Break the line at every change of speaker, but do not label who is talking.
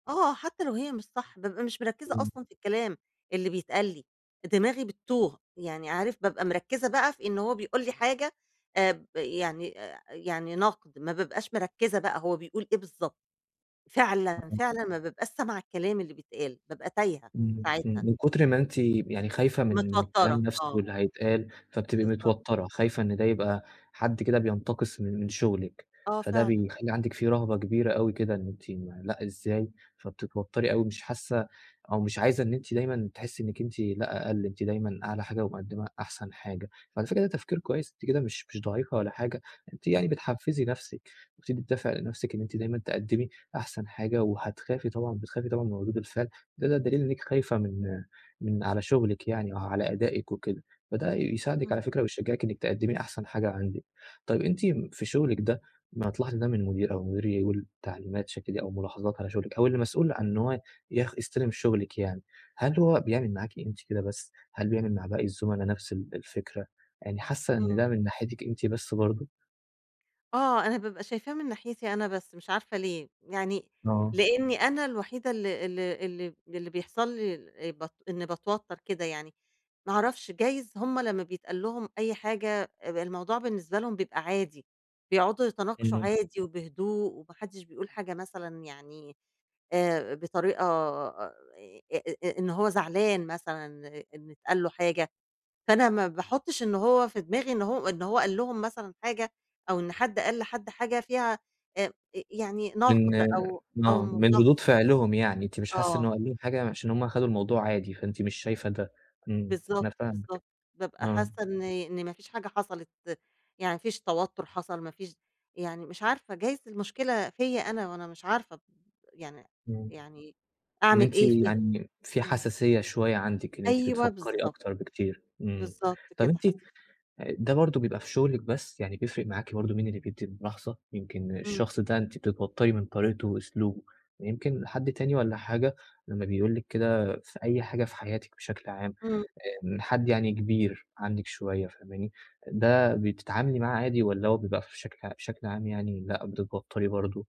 آه، حتى لو هي مش صح، بابقى مش مركِّزة أصلًا
[unintelligible]
في الكلام اللي بيتقال لي، دماغي بتّوه يعني عارف، بابقى مركِّزة بقى في إن هو بيقول لي حاجة آآ، ب يعني آآ، يعني نقد، ما بابقاش مركِّزة بقى هو بيقول إيه بالضبط، فعلًا،
[unintelligible]
فعلًا ما بابقاش سامعة الكلام اللي بيتقال، بابقى تايهة
إمم
ساعتها.
إمم، من كتر ما أنتِ يعني خايفة من من الكلام
متوترة،
نَفسه
آه.
اللي هيتقال، فبتبقي
بالضبط.
متوترة، خايفة إن ده يبقى حد كده بينتقص من من شغلِك،
آه
فده
فعلًا.
بيخلّي عندِك في رهبة كبيرة أوي كده، إن أنتِ لأ إزاي؟ فبتتوتري أوي، مش حاسة أو مش عايزة إن أنتِ دايمًا تحسي إنكِ أنتِ لا أقل، أنتِ دايمًا أعلى حاجة ومقدِمّة أحسن حاجة، وعلى فكرة ده تفكير كويس، أنتِ كده مش مش ضعيفة ولا حاجة، أنتِ يعني
إمم.
بتحفّزي نَفسِك، وبتدّي دافع لنَفسِك إن أنتِ دايمًا تقدِّمي أحسن حاجة، وهتخافي طبعًا بتخافي طبعًا من ردود الفعل، ده ده دليل إنكِ خايفة من من على شغلِك يعني أو على أدائِك وكده، فده يساعدِك على
إمم.
فكرة ويشجعِك إنكِ تقدمي أحسن حاجة عندِك، طيب أنتِ في شغلِك ده ما هتلاحظي ده من مدير أو المدير يقول تعليمات ش كده أو ملاحظات على شغلِك أو اللي مسؤول عن إن هو يخ يستلم شغلِك يعني، هل هو بيعمل معاكِ أنتِ كده بس، هل بيعمل مع باقي الزملاء نَفس ال الفكرة، يعني حاسة إن
إمم.
ده من ناحيتِك أنتِ بس برضو؟
آه، أنا بابقى شايفاها من ناحيتي أنا بس، مش عارفة ليه، يعني
آه.
لأني أنا الوحيدة ال ال اللي اللي بيحصل لي بت إني باتوتر كده يعني، ما اعرفش، جايز هُم لمّا بيتقال لهم أي حاجة الموضوع بالنسبة لهم بيبقى عادي، بيقعدوا يتناقشوا
إمم.
عادي وبهدوء، وما حدش بيقول حاجة مثلًا يعني آآ، بطريقة آآ، إن هو زعلان مثلًا إن اتقال له حاجة، فأنا ما باحطش إن هو في دماغي إن هو إن هو قال لهم مثلًا حاجة أو إن حد قال لحد حاجة فيها آآ، يعني
من
نقد أو أو
آه، من
ملاح
ردود فعلهم يعني، أنتِ مش حاسة إنه
آه.
قال لهم حاجة عشان هُم خدوا الموضوع عادي فأنتِ مش شايفة ده إمم، أنا
بالضبط،
فاهمِك،
بالضبط، بابقى
آه.
حاسة إن إن ما فيش حاجة حصلت، يعني ما فيش توتُر حصل، ما فيش يعني مش عارفة، جايز المشكلة فيَّ أنا وأنا مش عارفة، يعني
إمم،
يعني
إن
أعمل
أنتِ
إيه فيها؟
يعني في
إمم.
حساسية شوية عندِك، إن أنتِ
أيوه،
بتفكري
بالضبط.
أكتر بكتير، إمم،
بالضبط
طب
كده
أنتِ
حس
أ ده برضو بيبقى في شغلِك بس، يعني بيفرق معاكِ برضو مين اللي بيدي الملاحظة؟ يمكن
إمم.
الشخص ده أنتِ بتتوتري من طريقته وأسلوبه، يمكن حد تاني والّا حاجة لمّا بيقول لِك كده في أي حاجة في حياتِك بشكل عام،
إمم.
آآ، من حد يعني كبير عنِك شوية فاهماني، ده بتتعاملي معاه عادي والّا هو بيبقى فشكل بشكل عام يعني لأ بتتوتري برضو؟